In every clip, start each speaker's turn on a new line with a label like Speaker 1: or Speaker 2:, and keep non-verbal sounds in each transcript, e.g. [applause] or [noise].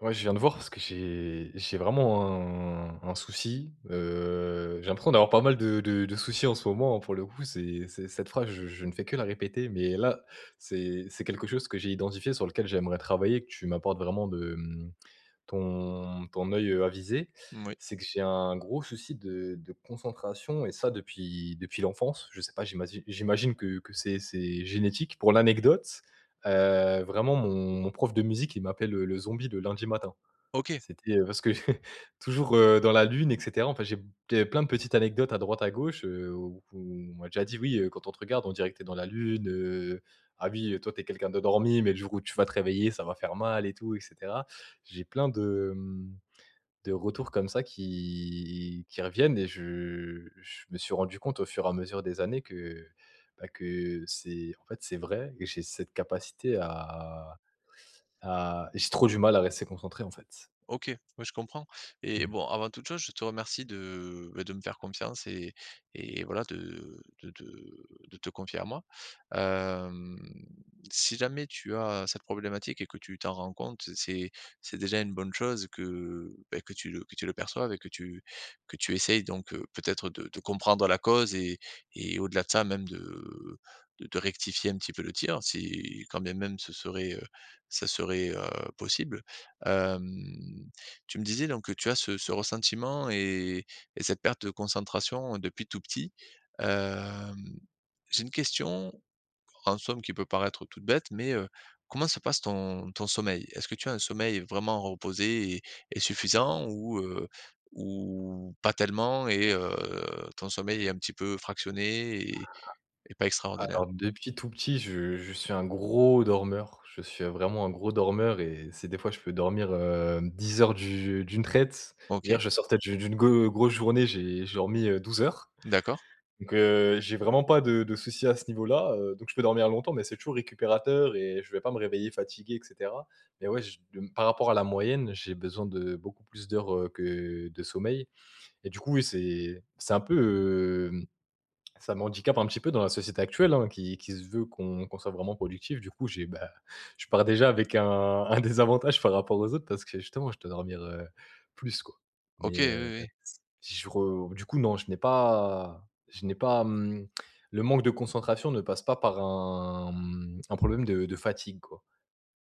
Speaker 1: Ouais, je viens te voir parce que j'ai j'ai vraiment un un souci. Heu, j'ai l'impression d'avoir pas mal de de de soucis en ce moment, pour le coup, c'est c'est cette phrase, je je ne fais que la répéter, mais là, c'est c'est quelque chose que j'ai identifié, sur lequel j'aimerais travailler, que tu m'apportes vraiment de, mmh ton ton oeil, heu, avisé.
Speaker 2: Moui.
Speaker 1: C'est que j'ai un gros souci de de concentration et ça depuis depuis l'enfance. Je sais pas, j'imagi j'imagine que que c'est c'est génétique. Pour l'anecdote, heu, vraiment mon mon prof de musique il m'appelle le zombie de lundi matin.
Speaker 2: OK.
Speaker 1: C'était parce que [chuckles] toujours, heu, dans la lune, et cetera. Enfin, j'ai b j'avais plein de petites anecdotes à droite, à gauche, heu, où on m'a déjà dit: «Oui, quand on te regarde, on dirait que tu es dans la lune. Heu, ah oui, toi, tu es quelqu'un d'endormi mais le jour où tu vas te réveiller, ça va faire mal et tout» et cetera. J'ai plein de, mmh, de retours comme ça qui qui reviennent et je je me suis rendu compte au fur et à mesure des années que, bah, que c'est, en fait c'est vrai et j'ai cette capacité à à j'ai trop du mal à rester concentré en fait.
Speaker 2: OK. Oui je comprends et
Speaker 1: Mmh.
Speaker 2: bon avant toute chose, je te remercie de, heu, bah, de de me faire confiance et et voilà de de te de te confier à moi. Hem, si jamais tu as cette problématique et que tu t'en rends compte, c'est c'est déjà une bonne chose que, beh, que tu le que tu le perçoives et que tu que tu essayes donc heu, peut-être de de comprendre la cause et et au-delà de ça même de de de rectifier un petit peu le tir. Si quand bien même ce serait, heu, ce serait, heu, possible. Hem, tu me disais donc que tu as ce ce ressentiment et et cette perte de concentration depuis tout petit. Hem, j'ai une question en somme qui peut paraître toute bête, mais heu, comment se passe ton ton sommeil? Est-ce que tu as un sommeil vraiment reposé et et suffisant ou heu, ou pas tellement et heu, ton sommeil est un petit peu fractionné et et pas
Speaker 1: Alors
Speaker 2: extraordinaire?
Speaker 1: depuis tout petit je je suis un gros dormeur, je suis vraiment un gros dormeur et c'est des fois je peux dormir, hem, 10 heures d'u d'une traite. Hier
Speaker 2: OK.
Speaker 1: je sortais d'une d'une go grosse journée. J'ai j'ai dormi, heu, 12 heures
Speaker 2: D'accord.
Speaker 1: donc heu, j'ai vraiment pas de de soucis à ce niveau là, heu, donc je peux dormir longtemps mais c'est toujours récupérateur et je vais pas me réveiller fatigué et cetera mais ouais, je de m par rapport à la moyenne, heu, j'ai besoin de beaucoup plus d'heures, heu, que de sommeil et du coup oui, c'est c'est un peu, hem ça m'handicape un petit peu dans la société actuelle, hein qui qui se veut qu'on qu'on soit vraiment productif. Du coup, j'ai, bah, je pars déjà avec un un désavantage par rapport aux autres parce que justement, je dois dormir, heu, plus quoi
Speaker 2: OK oui.
Speaker 1: mais, heu,
Speaker 2: Oui, oui.
Speaker 1: si je re du coup non, je n'ai pas je n'ai pas, mmh, le manque de concentration ne passe pas par un, mmh, un problème de de fatigue quoi.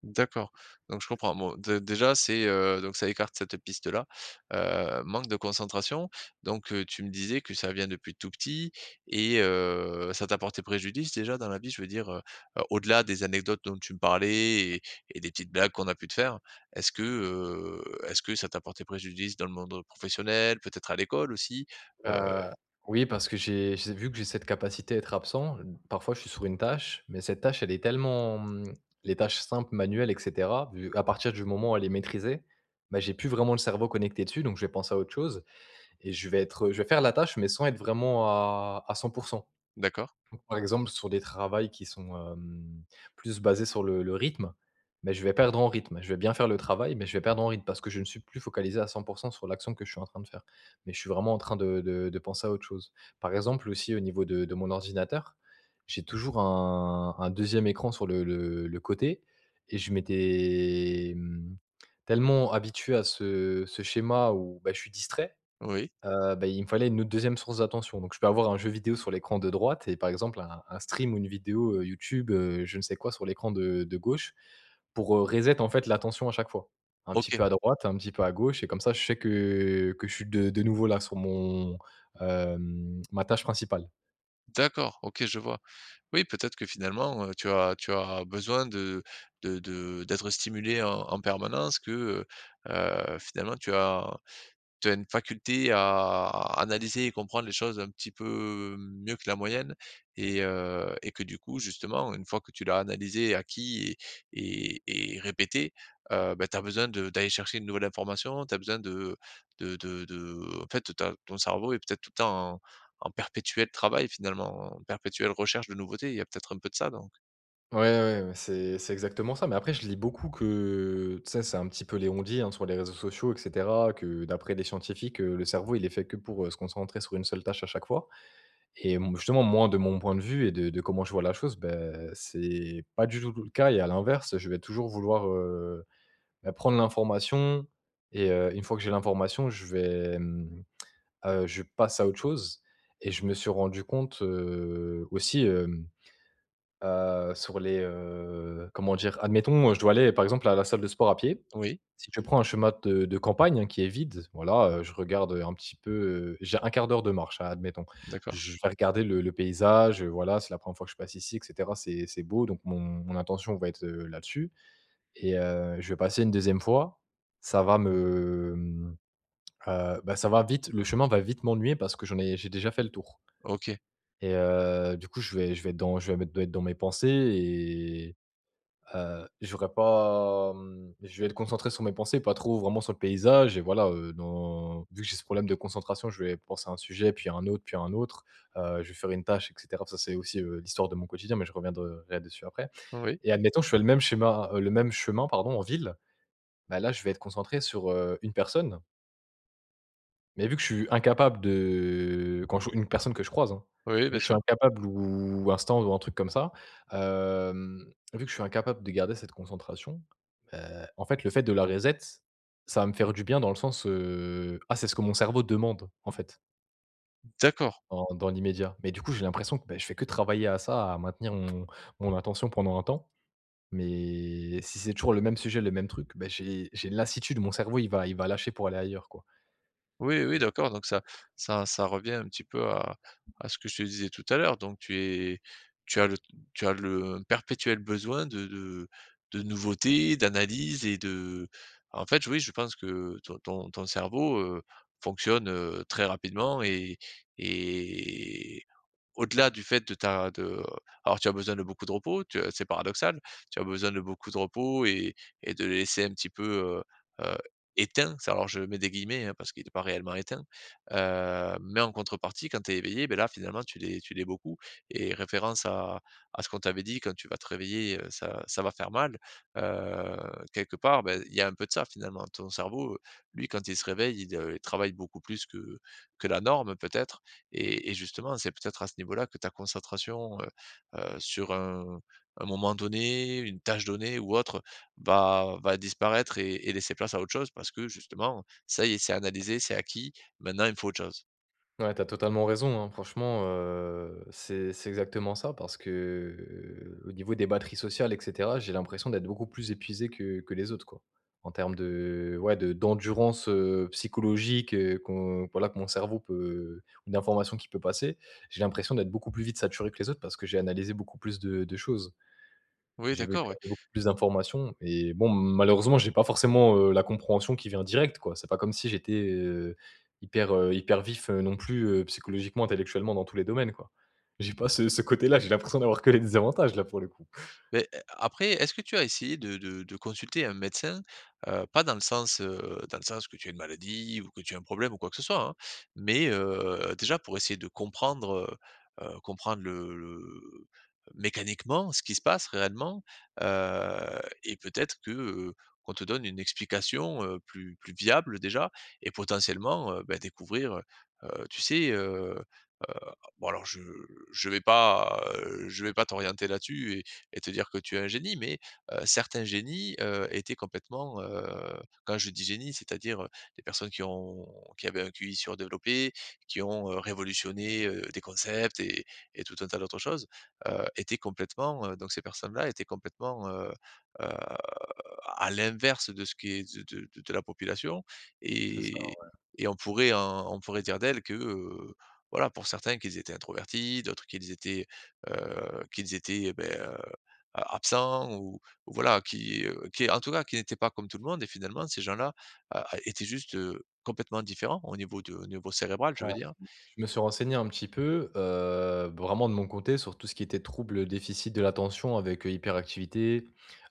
Speaker 2: D'accord donc je comprends, bon dé déjà c'est, heu donc ça écarte cette piste-là, heu, manque de concentration donc, heu, tu me disais que ça vient depuis tout petit et heu, ça t'a porté préjudice déjà dans la vie? Je veux dire, heu, au-delà des anecdotes dont tu me parlais et et des petites blagues qu'on a pu te faire. Est-ce que, heu, est-ce que ça t'a porté préjudice dans le monde professionnel, peut-être à l'école aussi, heu
Speaker 1: Heu, oui parce que j'ai j'ai vu que j'ai cette capacité à être absent. Heu, b parfois je suis sur une tâche mais cette tâche, elle est tellement, mmh, les tâches simples manuelles et cetera, vu à partir du moment où elle est maîtrisée, bah, j'ai plus vraiment le cerveau connecté dessus, donc je vais penser à autre chose et je vais être je vais faire la tâche, mais sans être vraiment à à 100 %
Speaker 2: D'accord.
Speaker 1: donc par exemple sur des travails qui sont, hem, plus basés sur le le rythme mais je vais perdre en rythme je vais bien faire le travail mais je vais perdre en rythme parce que je ne suis plus focalisé à 100 % sur l'action que je suis en train de faire mais je suis vraiment en train de de de penser à autre chose. Par exemple, aussi au niveau de de mon ordinateur j'ai toujours un un 2e écran sur le le le côté et je m'étais, mmh, tellement habitué à ce ce schéma où, bah, je suis distrait.
Speaker 2: Oui.
Speaker 1: Heu, bah, il me fallait une autre 2e source d'attention donc je peux avoir un jeu vidéo sur l'écran de droite et par exemple un un stream ou une vidéo, heu, YouTube, heu, je ne sais quoi sur l'écran de de gauche pour, heu, reset en fait l'attention à chaque fois. Un petit
Speaker 2: OK.
Speaker 1: peu à droite, un petit peu à gauche et comme ça je sais que que je suis de de nouveau là sur mon, hem ma tâche principale.
Speaker 2: D'accord. OK je vois. Oui, peut-être que finalement, heu, tu as tu as besoin de de de d'être stimulé en en permanence, que, heu heu, finalement tu as tu as une faculté à analyser et comprendre les choses un petit peu mieux que la moyenne et heu, et que du coup justement une fois que tu l'as analysé, acquis et et et répété, heu, bah, tu as besoin de d'aller chercher une nouvelle information. Tu as besoin de de de de en fait tu as ton cerveau est peut-être tout le temps en en perpétuel travail finalement, en perpétuelle recherche de nouveautés. Il y a peut-être un peu de ça, donc?
Speaker 1: Ouais, ouais, ouais. C'est c'est exactement ça mais après, je lis beaucoup que tu sais? C'est un petit peu les on-dit, hein sur les réseaux sociaux et cetera, que d'après des scientifiques, le cerveau, il est fait que pour se concentrer sur une seule tâche à chaque fois et m justement, moi, de mon point de vue et de de comment je vois la chose, bah, c'est c'est pas du tout tout le cas et à l'inverse, je vais toujours vouloir, heu, beh, prendre l'information et heu, une fois que j'ai l'information, je vais, mmh, heu, je passe à autre chose et je me suis rendu compte, heu, aussi, hem, heu, sur les, heu, comment dire? Admettons, heu, je dois aller par exemple à la salle de sport à pied.
Speaker 2: Oui.
Speaker 1: Si je prends un chemin de de campagne, hein qui est vide, voilà, heu, je regarde un petit peu, heu j'ai un 1/4 d'heure de marche a admettons.
Speaker 2: D'accord.
Speaker 1: Je vais regarder le le paysage, heu, voilà, c'est la 1re fois que je passe ici et cetera. C'est c'est beau donc mon mon attention va être, heu, là-dessus et heu, je vais passer une 2e fois, ça va me, mmh, heu, bah, ça va vite le chemin va vite m'ennuyer parce que j'en ai j'ai déjà fait le tour
Speaker 2: OK.
Speaker 1: et heu du coup je vais je vais être dans je vais me doit être dans mes pensées et heu, j'aurais pas, mmh je vais être concentré sur mes pensées pas trop vraiment sur le paysage et voilà, heu, dans vu que j'ai ce problème de concentration, je vais penser à un sujet, puis à un autre, puis à un autre. Heu, je vais faire une tâche, et cetera. Ça, c'est aussi, heu, l'histoire de mon quotidien, mais je reviendrais dessus après
Speaker 2: Oui.
Speaker 1: et admettons, je fais le même schéma, heu, le même chemin, pardon, en ville. Bah, là, je vais être concentré sur, heu, une personne. Mais vu que je suis incapable de quand je une personne que je croise, hein
Speaker 2: Oui, oui,
Speaker 1: et
Speaker 2: bien
Speaker 1: je suis
Speaker 2: sûr.
Speaker 1: incapable ou un [unintelligible] ou un truc comme ça, hem, vu que je suis incapable de garder cette concentration, ben, en fait le fait de la reset, ça va me faire du bien dans le sens, heu «Ah c'est ce que mon cerveau demande» en fait
Speaker 2: Mmh d'accord.
Speaker 1: en dans l'immédiat. Mais du coup, j'ai l'impression que, beh, je fais que travailler à ça, à maintenir mon mon attention pendant un temps. Mais et si c'est toujours le même sujet, le même truc, bah j'ai j'ai une lassitude. Mon cerveau il va il va lâcher pour aller ailleurs quoi.
Speaker 2: Oui, oui
Speaker 1: Et heu
Speaker 2: d'accord donc ça ça ça revient un petit peu à à ce que je te disais tout à l'heure, donc tu es tu as le tu as le perpétuel besoin de de de nouveauté, d'analyse et de en fait, oui je pense que ton ton ton cerveau, heu, fonctionne, heu, très rapidement et et au-delà du fait de ta de, heu alors tu as besoin de beaucoup de repos, tu as c'est paradoxal, tu as besoin de beaucoup de repos et et de laisser un petit peu, heu heu, «éteint». Ça alors je mets des guillemets hein, parce qu'il est pas réellement éteint, heu, mais en contrepartie quand tu es éveillé, bah là finalement tu l'es tu l'es beaucoup et référence à à ce qu'on t'avait dit quand tu vas te réveiller, heu ça ça va faire mal, heu, quelque part ben il y a un peu de ça, finalement. Ton cerveau, heu, lui quand il se réveille il, heu, travaille beaucoup plus que que la norme peut-être et et justement c'est peut-être à ce niveau-là que ta concentration, heu heu, sur un un moment donné, une tâche donnée ou autre, heu, va va disparaître et et laisser place à autre chose. Parce que justement, ça y est, c'est analysé, c'est acquis maintenant, il me faut autre chose.
Speaker 1: Ouais, tu as totalement raison, hein. Franchement, heu, c'est c'est exactement ça parce que, au niveau des batteries sociales et cetera, j'ai l'impression d'être beaucoup plus épuisé que que les autres, quoi. En terme de ouais de d'endurance, heu, psychologique, heu, qu'on voilà que mon cerveau peut ou d'informations qui peut passer. J'ai l'impression d'être beaucoup plus vite saturé que les autres, parce que j'ai analysé beaucoup plus de de choses.
Speaker 2: Oui
Speaker 1: J'ai vu
Speaker 2: d'accord,
Speaker 1: clai
Speaker 2: oui.
Speaker 1: beaucoup plus d'informations et bon, malheureusement j'ai pas forcément, heu, la compréhension qui vient directe, quoi. C'est pas comme si j'étais, heu, hyper, heu, hyper vif, heu, non plus, heu, psychologiquement, intellectuellement, dans tous les domaines quoi. J'ai pas ce ce côté là, j'ai l'impression d'avoir que les désavantages là, pour le coup. [chuckles]
Speaker 2: Beh a après est-ce que tu as essayé de de de consulter un médecin? Heu, pas dans le sens, heu, dans le sens que tu as une maladie ou que tu as un problème, ou quoi que ce soit, hein. Mais, heu, déjà pour essayer de comprendre, heu heu, comprendre le le, heu, mécaniquement ce qui se passe réellement, heu et peut-être que, heu, qu'on te donne une explication, heu, plus plus viable déjà et potentiellement, heu, bah découvrir, heu heu, tu sais, heu heu, bon alors je je vais pas, heu, je vais pas t'orienter là dessus et et te dire que tu es un génie, mais, heu, certains génies, heu, étaient complètement, heu -quand je dis génie, c'est-à-dire, heu, des personnes qui ont qui avaient un QI sur développé, qui ont, heu, révolutionné heu, des concepts et et tout un tas d'autres choses heu, étaient complètement, heu, donc ces personnes-là étaient complètement, heu heu, à l'inverse de ce qui est de de de de la population
Speaker 1: C'est ça,
Speaker 2: et
Speaker 1: ouais.
Speaker 2: et on pourrait en on pourrait dire d'elles que, heu, voilà pour certains qu'ils étaient introvertis, d'autres qu'ils étaient, heu, qu'ils étaient, heu beh, heu, absents ou voilà, qui, heu, qui est en tout cas qui n'étaient pas comme tout le monde et finalement ces gens-là, a étaient juste, heu, complètement différents au niveau de niveau cérébral, je
Speaker 1: Hem,
Speaker 2: veux dire.
Speaker 1: je me suis renseigné un petit peu, heu, vraiment de mon côté, sur tout ce qui était trouble déficit de l'attention, avec, heu, hyperactivité,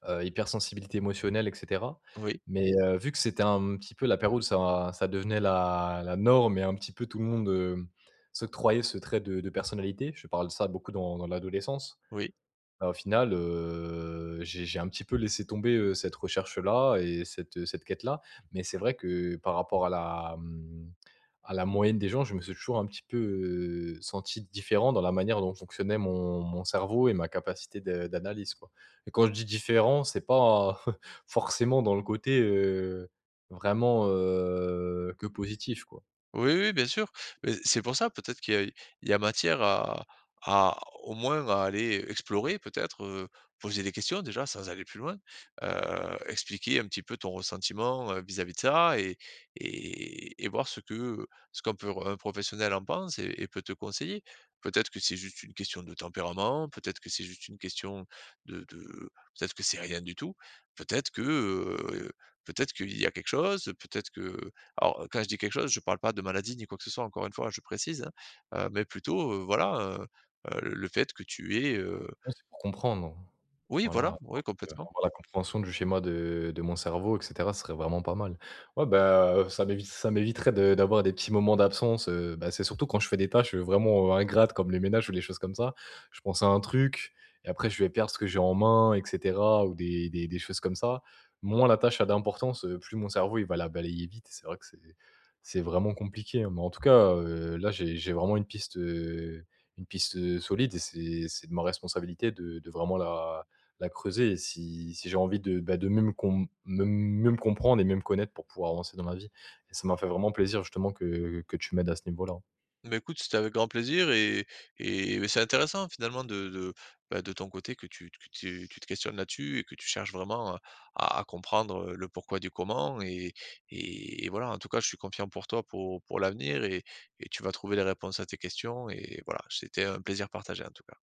Speaker 1: heu, hypersensibilité émotionnelle et cetera.
Speaker 2: Oui.
Speaker 1: Mais, heu, vu que c'était un petit peu la période où ça ça devenait la la norme et un petit peu tout le monde, heu, s'octroyait ce trait de de personnalité, je parle de ça beaucoup dans dans l'adolescence.
Speaker 2: Oui.
Speaker 1: Bah au final, heu, j'ai j'ai un petit peu laissé tomber, heu, cette recherche-là et cette, heu, cette quête-là. Mais c'est vrai que, par rapport à la, hem, à la moyenne des gens, je me suis toujours un petit peu, heu, senti différent dans la manière dont fonctionnait mon mon cerveau et ma capacité de d'analyse quoi et quand je dis différent, c'est pas, forcément [chuckles] dans le côté, heu, vraiment, heu, que positif quoi.
Speaker 2: Oui, oui, bien sûr. Mais c'est pour ça, peut-être qu'il y a il y a matière à à au moins, à aller explorer peut-être, heu, poser des questions déjà sans aller plus loin, heu, expliquer un petit peu ton ressentiment, heu, vis-à-vis de ça et et et voir ce que, heu, ce qu'on peut r un professionnel en pense et et peut te conseiller. Peut-être que c'est juste une question de tempérament, peut-être que c'est juste une question de de peut-être que c'est rien du tout. Peut-être que, heu, peut être qu'il y a quelque chose, peut-être que alors, heu, quand je dis quelque chose je parle pas de maladie, ni quoi que ce soit, encore une fois je précise, hein, heu, mais plutôt, heu, voilà, heu heu, le fait que tu aies, heu
Speaker 1: Ouais c'est pour comprendre,
Speaker 2: Oui voilà.
Speaker 1: voilà
Speaker 2: Ouais,
Speaker 1: parce que,
Speaker 2: complètement.
Speaker 1: enfin voilà, la compréhension du schéma de de mon cerveau et cetera, ce serait vraiment pas mal. Ouais ben, heu, ça m'évite ça m'éviterait de d'avoir des petits moments d'absence, heu, bah c'est surtout quand je fais des tâches, heu, vraiment, heu, ingrates comme les ménages ou les choses comme ça. Je pense à un truc et après je vais perdre ce que j'ai en main et cetera, ou des des des choses comme ça. Moins la tâche a d'importance, heu, plus mon cerveau, il va la balayer vite et c'est vrai que c'est c'est vraiment compliqué, hein. Mais en tout cas, heu, là j'ai j'ai vraiment une piste, heu, une piste, heu, solide et c'est c'est de ma responsabilité de de vraiment la la creuser et si si j'ai envie de, bah, de même qu'on me même même comprendre et même connaître pour pouvoir avancer dans ma vie et ça m'a fait vraiment plaisir justement que que tu m'aides à ce niveau-là.
Speaker 2: Beh écoute, c'était avec grand plaisir et et beh, c'est intéressant finalement de de bah de ton côté que tu que tu te questionnes là dessus et que tu cherches vraiment, heu, à comprendre, heu, le pourquoi du comment et et et voilà. En tout cas, je suis confiant pour toi pour pour l'avenir et et tu vas trouver les réponses à tes questions et voilà. C'était un plaisir partagé, en tout cas.